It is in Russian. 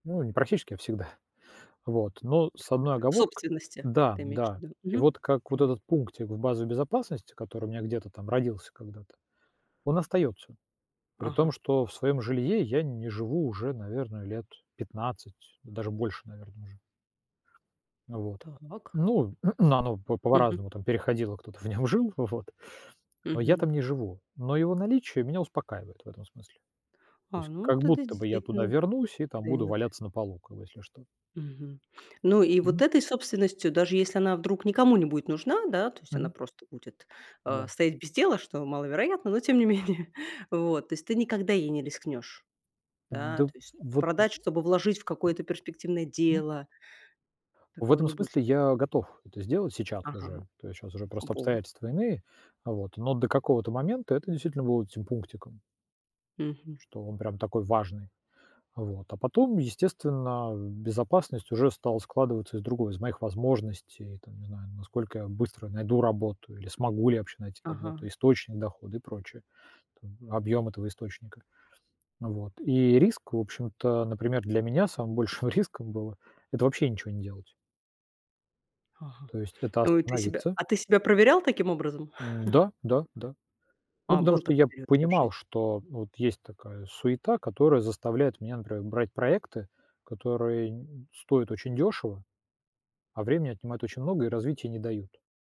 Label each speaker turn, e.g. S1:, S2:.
S1: Ну, не практически, а всегда вот. Но с
S2: Так,
S1: одной
S2: в
S1: оговоркой:
S2: собственности,
S1: да,
S2: ты имеешь в
S1: да.
S2: виду.
S1: И
S2: Ага.
S1: вот как вот
S2: Понятно.
S1: этот пунктик в базе безопасности, который у меня где-то там родился когда-то, он остаётся, при том,
S2: Ага.
S1: что в своём жилье я не живу уже, наверное, лет 15, даже больше, наверное, ужу. Вот,
S2: Так.
S1: ну, оно по
S2: Мгм.
S1: по-разному переходило, кто-то в нём жил, вот, но я
S2: Мгм.
S1: там не живу, но его наличие меня успокаивает в этом смысле. То
S2: А,
S1: есть
S2: ну
S1: как
S2: тогда
S1: будто бы я туда
S2: действительно
S1: вернусь и там буду
S2: даёт.
S1: валяться на полу, как бы, если что.
S2: Мгм. Ну и вот
S1: Мгм.
S2: этой собственностью, даже если она вдруг никому не будет нужна, да, то есть она
S1: Мгм.
S2: просто будет
S1: Да.
S2: стоять, э, без дела, что маловероятно, но тем не менее. Вот. То есть ты никогда ей не рискнешь? Да, то
S1: Да
S2: есть,
S1: вот
S2: продать, чтобы вложить в какое-то перспективное
S1: М.
S2: дело?
S1: В
S2: Такого
S1: этом
S2: не будет?
S1: смысле я готов это сделать сейчас
S2: Ага.
S1: уже, то есть сейчас уже просто
S2: Вот.
S1: обстоятельства иные, вот, но до какого-то момента это действительно будет этим пунктиком.
S2: Мгм.
S1: Что он прям такой важный, вот. А потом, естественно, безопасность уже стала складываться из другого: из моих возможностей, там, не знаю, насколько я быстро найду работу или смогу ли я вообще найти работу,
S2: Ага.
S1: источник дохода и прочее, там, объём этого источника, вот. И риск, в общем-то, например, для меня самым большим риском было- это вообще ничего не делать.
S2: Ага.
S1: То есть это
S2: Ой, ты себя
S1: остановиться
S2: а ты себя проверял таким образом?
S1: М, да, да, да, ну,
S2: А,
S1: потому
S2: был
S1: что
S2: такой
S1: я
S2: период у тебя в жизни.
S1: понимал, что вот есть такая суета, которая заставляет меня, например, брать проекты, которые н н стоят очень дёшево, а времени отнимают очень много и развития не дают.